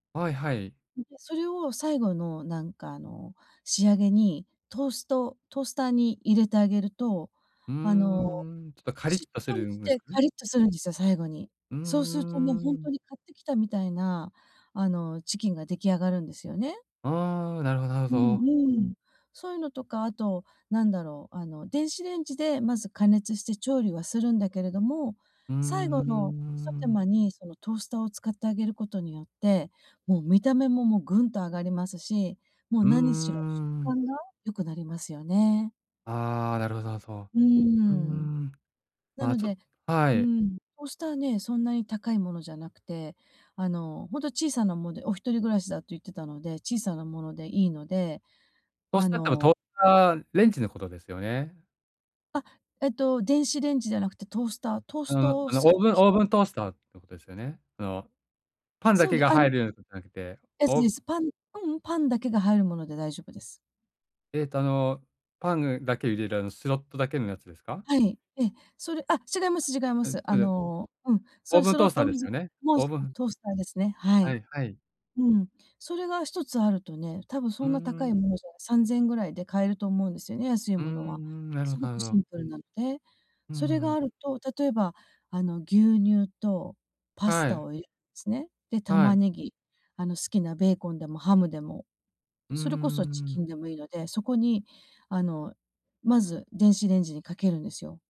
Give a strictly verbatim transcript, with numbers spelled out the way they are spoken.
はいはい。うん、で、それを最後のなんかあの、仕上げにトーストトースターに入れてあげると、うーあの、ん、ちょっとカリッしっとすとりるんしですてかカね。リッとするんですよ、最後に。うそうするとね、ーほんとん。に買ってきたみたいな、あの、チキンが出来上がるんですよね。ああ、なるほどなるうほど。んうん。そういうのとか、あとなんだろう、あの、電子レンジでまず加熱して調理はするんだけれども、うー最後の一手ん。間にそのトースターを使ってあげることによって、もう見た目も、もうぐんと上がりますし、もううー何しろ食ん。感が良くなりますよね。ああ、なるほど、な、そうーう。うーん。ん、なまあ、のちょっではうい。ん、トースターね、そんなに高いものじゃなくて、あの、ほんと小さなもで、お一人暮らしだと言ってたので、小さなものでいいので、トースあターってば、トのーターレンジのことですよね？あ、えっと電子レンジじゃなくてトースター、トーあスのトをあのすオーるブン機オー械。ブントースターのことですよね？あの、パンだそうけでがあ入のるやつなくて、えすオーでブす。パンううん、パンだけが入るもので大丈夫です。えっと、あの、パンぐだけを入れるあの、スロットだけのやつですか？はい、ええ、それあ、違います違いまうん、す。あそじゃの、うん、そオうーいうブンスロトーッスタートでのすじゃよね、もう、オーすブうん、ントースターですね。ははい。いはい。うん、それが一つあるとね、たぶんうそーんな高ん、いもうのん。じゃ、さんぜんえんぐらいで買えると思うんですよね、安いうんうもんうのは。ん、なるほすど、ごなるくシど。ンプルなんで、うーそれがあん。ると例えば、あの、牛乳とパスはタい。をゆすね、で、は玉い。ねぎ、あの、好きなベーコンでもハムでも、うーそれこそチキん。ンでもいいので、そこにあの、まず電子レンジにかけるんですよ。